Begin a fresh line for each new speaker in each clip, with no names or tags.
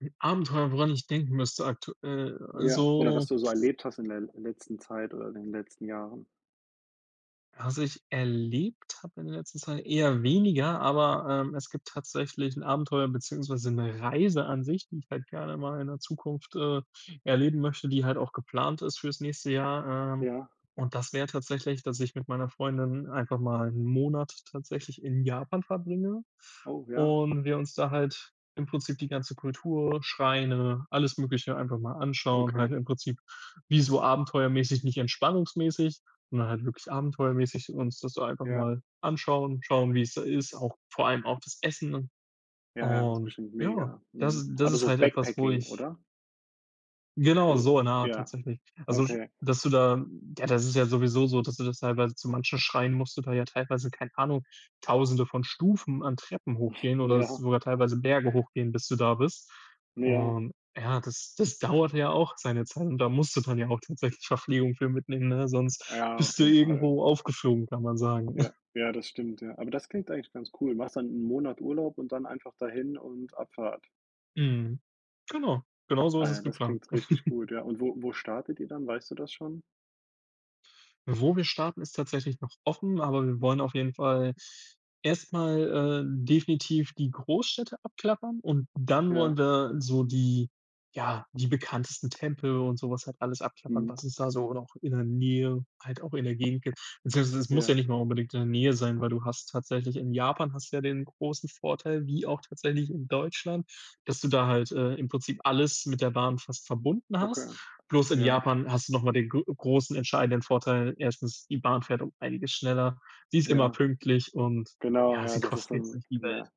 'N Abenteuer, woran ich denken müsste aktuell,
Ja. Oder was
also
du so erlebt hast in der letzten Zeit oder in den letzten Jahren.
Was ich erlebt habe in der letzten Zeit? Eher weniger, aber, ähm, es gibt tatsächlich 'n Abenteuer, beziehungsweise 'ne Reiseansicht, die ich halt gerne mal in der Zukunft, äh, erleben möchte, die halt auch geplant ist fürs nächste Jahr, ähm.
Ja.
Und das wäre tatsächlich, dass ich mit meiner Freundin einfach mal 'n Monat tatsächlich in Japan verbringe
Oh ja.
und wir uns da halt im Prinzip die ganze Kultur, Schreine, alles Mögliche einfach mal anschauen,
Okay.
halt im Prinzip wie so abenteuermäßig, nicht entspannungsmäßig, sondern halt wirklich abenteuermäßig uns das so einfach
Ja.
mal anschauen, schauen, wie's da ist, auch vor allem auch das Essen, und
Ja, ja, ist
und
bestimmt
ja,
mega,
das
mhm.
ist das
Aber
ist
so
halt etwas, wo
Backpacking,
ich
oder?
Genau
So,
so in der Art
ja,
tatsächlich. Also, sch
okay.
dass du da ja, das ist ja sowieso so, dass du das teilweise zu manchen Schreinen musst du da ja teilweise, keine Ahnung, 1.000e von Stufen an Treppen hochgehen oder
Ja.
sogar teilweise Berge hochgehen, bis du da bist.
Ja.
Und ja, das das dauert ja auch seine Zeit und da musst du dann ja tatsächlich Verpflegung für mitnehmen, ne? Sonst
Ja,
bist
auf
du
jeden Fall.
irgendwo aufgeflogen, kann man sagen.
Ja, ja das stimmt, ja. Aber das klingt eigentlich ganz cool. Machst du dann 'nen Monat Urlaub und dann einfach dahin und Abfahrt?
Mhm, genau, genauso
Ah,
ist
ja,
es
das
geplant.
klingt richtig gut, ja. Und wo wo startet ihr dann? Weißt du das schon?
Wo wir starten, ist tatsächlich noch offen, aber wir wollen auf jeden Fall erst mal, äh, definitiv die Großstädte abklappern, und dann
Ja.
wollen wir so die ja, die bekanntesten Tempel und so was halt alles abklappern,
Mhm.
was es da so auch in der Nähe, halt auch in der Gegend gibt. Beziehungsweise es muss ja
Ja.
nicht mal unbedingt in der Nähe sein, weil du hast tatsächlich in Japan hast du ja den großen Vorteil, wie auch tatsächlich in Deutschland, dass du da halt, äh, im Prinzip alles mit der Bahn fast verbunden
Okay,
hast. Bloß in
ja.
Japan hast du noch mal den gro großen entscheidenden Vorteil. 1. die Bahn fährt um einiges schneller. Sie ist immer
Ja,
pünktlich und
genau,
ja,
ja,
sie
das ist
kostet jetzt
dann
nicht die Welt.
ja,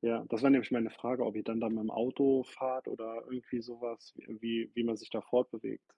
ja, das wäre nämlich meine Frage, ob ihr dann da mit'm Auto fahrt oder irgendwie so was, wie m wie wie man sich da fortbewegt.